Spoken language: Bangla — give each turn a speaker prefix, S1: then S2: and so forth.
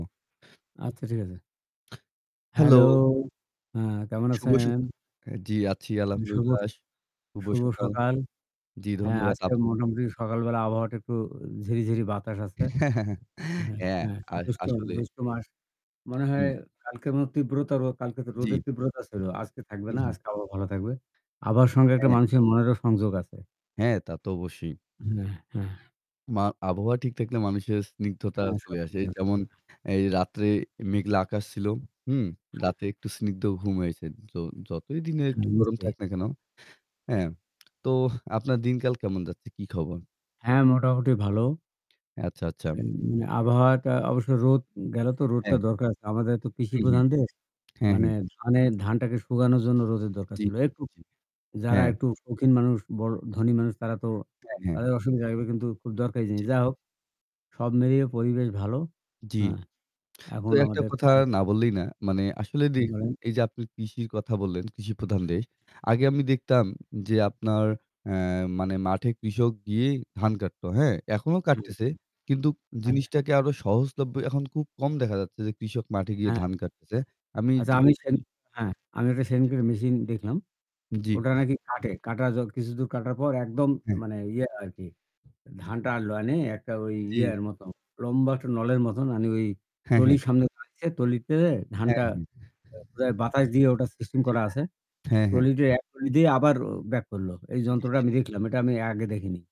S1: আচ্ছা, ঠিক আছে।
S2: হেলো।
S1: হ্যালো আ কেমন
S2: শুভ সক
S1: আছেন?
S2: অ্যা জি আছি
S1: শুভ, শু
S2: আলহামদুলিল্লাহ। শুভ
S1: শুভ
S2: সকাল।
S1: সকাল।
S2: জি
S1: হ্যাঁ
S2: ধন্যবাদ
S1: আজকে
S2: আপনাকেও।
S1: মোটামুটি সকালবেলা আবহাওয়াটা একটু ঝিরিঝিরি বাতাস আসছে। হ্যাঁ,
S2: অ্যা
S1: হ্যাঁ
S2: আস
S1: জ্যৈষ্ঠ
S2: আসলে।
S1: জ্যৈষ্ঠ মাস। মনে হয়
S2: হুম।
S1: কালকে তীব্রতা কালকে তো
S2: জি।
S1: রোদের তীব্রতা ছিল। আজকে থাকবে
S2: হু,
S1: না।
S2: হু।
S1: আজকে আবহাওয়া ভালো থাকবে। আবহাওয়ার সঙ্গে একটা
S2: হ্যাঁ।
S1: মানুষের মনেরও সংযোগ আছে।
S2: হ্যাঁ, তা তো অবশ্যই।
S1: হ্যাঁ, হ্যাঁ।
S2: মা আবহাওয়া ঠিক থাকলে মানুষের স্নিগ্ধতা
S1: হ্যাঁ
S2: চলে আসে।
S1: সবকিছু। হ্যাঁ।
S2: যেমন এই রাত্রে মেঘলা আকাশ ছিল। হুম,
S1: হ্যাঁ।
S2: রাতে একটু স্নিগ্ধ ঘুম হয়েছে। যো যতই দিনের একটু
S1: হ্যাঁ
S2: গরম
S1: নিশ্চয়ই।
S2: থাক না কেন? হ্যাঁ। তো আপনার দিনকাল কেমন যাচ্ছে? কি খবর?
S1: হ্যাঁ, মোটামুটি ভালো।
S2: আচ্ছা, আচ্ছা।
S1: অ্যা আবহাওয়াটা অবশ্য রোদ গেলো তো রোদটা
S2: হ্যাঁ।
S1: দরকার আছে, আমাদের তো কৃষি
S2: হু, হু।
S1: প্রধান দেশ।
S2: হ্যাঁ,
S1: মানে
S2: হ্যাঁ।
S1: ধানে ধানটাকে শুকানোর জন্য রোদের দরকার
S2: জি,
S1: ছিল। একটু
S2: জি।
S1: যারা
S2: হ্যাঁ।
S1: একটু শৌখিন মানুষ বড় ধনী মানুষ তারা তো
S2: হ্যাঁ, হ্যাঁ।
S1: তাদের অসুবিধা লাগবে কিন্তু খুব দরকারি জিনিস।
S2: জি।
S1: যাই হোক সব মিলিয়ে পরিবেশ ভালো।
S2: জি।
S1: হ্যাঁ,
S2: তো
S1: এখন
S2: একটা
S1: আমাদের
S2: কথা
S1: কাজ
S2: না বললেই না। মানে আসলে দেখুন,
S1: বলেন।
S2: এই যে আপনি কৃষির কথা বললেন, কৃষি প্রধান দেশ। আগে আমি দেখতাম যে আপনার অ্যা মানে মাঠে কৃষক গিয়ে ধান কাটতো। হ্যাঁ, এখনও
S1: হুম।
S2: কাটতেছে। কিন্তু
S1: হ্যাঁ।
S2: জিনিসটাকে আরো সহজলভ্য এখন খুব কম দেখা যাচ্ছে যে কৃষক মাঠে গিয়ে
S1: হ্যাঁ।
S2: ধান কাটতেছে। আমি
S1: আচ্ছা আমি সেন
S2: [unintelligible]
S1: হ্যাঁ আমি একটা
S2: জি,
S1: সেইদিনকে
S2: জি।
S1: মেশিন দেখলাম।
S2: জি।
S1: ওটা নাকি কাটে। কাটা য কিছুদূর কাটার পর একদম
S2: হ্যাঁ।
S1: মানে ইয়ে আরকি ধানটা আলো আনে একটা ওই
S2: জি।
S1: ইয়ের মত লম্বা একটা নলের মত মানে ওই
S2: হ্যাঁ, হ্যাঁ।
S1: ট্রলির সামনে দাঁড়িয়েছে। ট্রলিতে ধানটা
S2: হ্যাঁ, হ্যাঁ।
S1: বোধহয় বাতাস দিয়ে ওটা সিস্টেম
S2: জি।
S1: করা আছে।
S2: হ্যাঁ, হ্যাঁ।
S1: ট্রলি দিয়ে এক ট্রলি দিয়ে আবার ব্যাক করল। এই
S2: জি,
S1: যন্ত্রটা
S2: জি,
S1: আমি
S2: জি।
S1: দেখলাম। এটা আমি আগে দেখিনি।